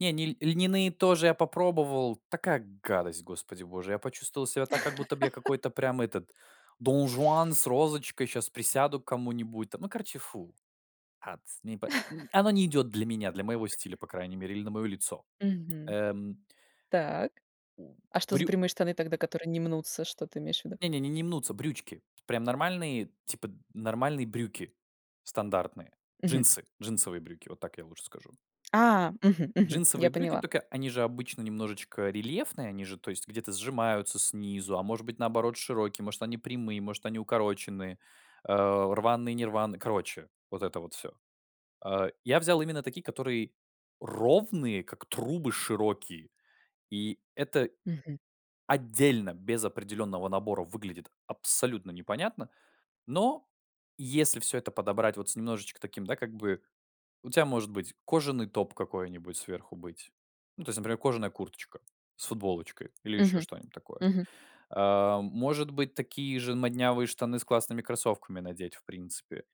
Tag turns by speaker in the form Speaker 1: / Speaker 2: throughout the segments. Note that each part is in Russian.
Speaker 1: Не, ни ль льняные тоже я попробовал, такая гадость, господи боже, я почувствовал себя так, как будто б, я какой-то прям, этот, донжуан с розочкой, щас присяду к кому-нибудь там. Ну, короче, фу. Атс не по Оно не идёт для меня, для моего стиля, по крайней мере, или на моё лицо,
Speaker 2: Мгм.
Speaker 1: эм
Speaker 2: Так.
Speaker 1: У
Speaker 2: А что за
Speaker 1: брю
Speaker 2: прямые штаны тогда, которые не мнутся, что ты имеешь в виду?
Speaker 1: Не, не, не, не мнутся, брючки. Прям нормальные, типа, нормальные брюки, стандартные.
Speaker 2: Мгм.
Speaker 1: Джинсы, джинсовые брюки- вот так я лучше скажу.
Speaker 2: А! Мгм, мгм.
Speaker 1: Джинсовые
Speaker 2: Я
Speaker 1: брюки,
Speaker 2: поняла.
Speaker 1: тока, они же обычно немножечко рельефные, они же, то есть, где-то сжимаются снизу, а может быть, наоборот, широкие, может они прямые, может они укороченные, э, рваные, не рваные. Короче, вот это вот всё. Э, я взял именно такие, которые ровные, как трубы, широкие. И это,
Speaker 2: Мгм.
Speaker 1: отдельно, без определённого набора выглядит абсолютно непонятно. Но, если всё это подобрать, вот с немножечко таким, да, как бы, у тя может быть, кожаный топ какой-нибудь, сверху быть. Ну то есть, например, кожаная курточка, с футболочкой или ещё
Speaker 2: Мгм.
Speaker 1: что-нибудь такое.
Speaker 2: Мгм.
Speaker 1: А, может быть, такие же моднявые штаны с классными кроссовками надеть, в принципе.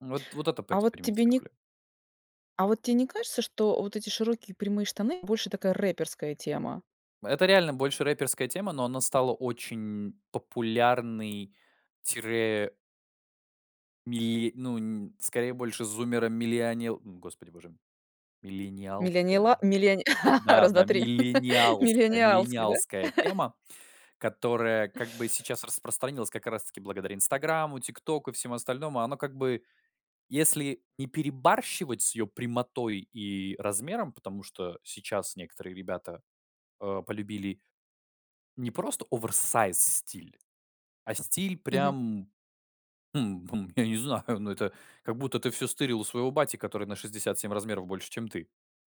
Speaker 1: Вот, вот это,
Speaker 2: А вот, тебе не
Speaker 1: поэкспериментировали.
Speaker 2: а вот те не кажется, что вот эти широкие, прямые штаны, больше такая рэперская тема?
Speaker 1: Это реально, больше рэперская тема, но она стала очень популярной, тире мили ну, н скорее больше зуммера-милиони м, господи боже, миллениалская.
Speaker 2: Милинила милиони раз,
Speaker 1: Да-да,
Speaker 2: 2 3
Speaker 1: миллениалская
Speaker 2: Миллениалский, да?
Speaker 1: миллениалская тема, которая, как бы, сейчас распространилась, как раз-таки, благодаря "Инстаграму", "Тиктоку" и всему остальному. Оно, как бы, если не перебарщивать с её прямотой и размером, потому что сейчас некоторые ребята, э, полюбили не просто оверсайз стиль, а стиль
Speaker 2: Мгм.
Speaker 1: прям, м, я не знаю, но это, как будто ты всё стырил у своего бати, который на 67 размеров больше, чем ты.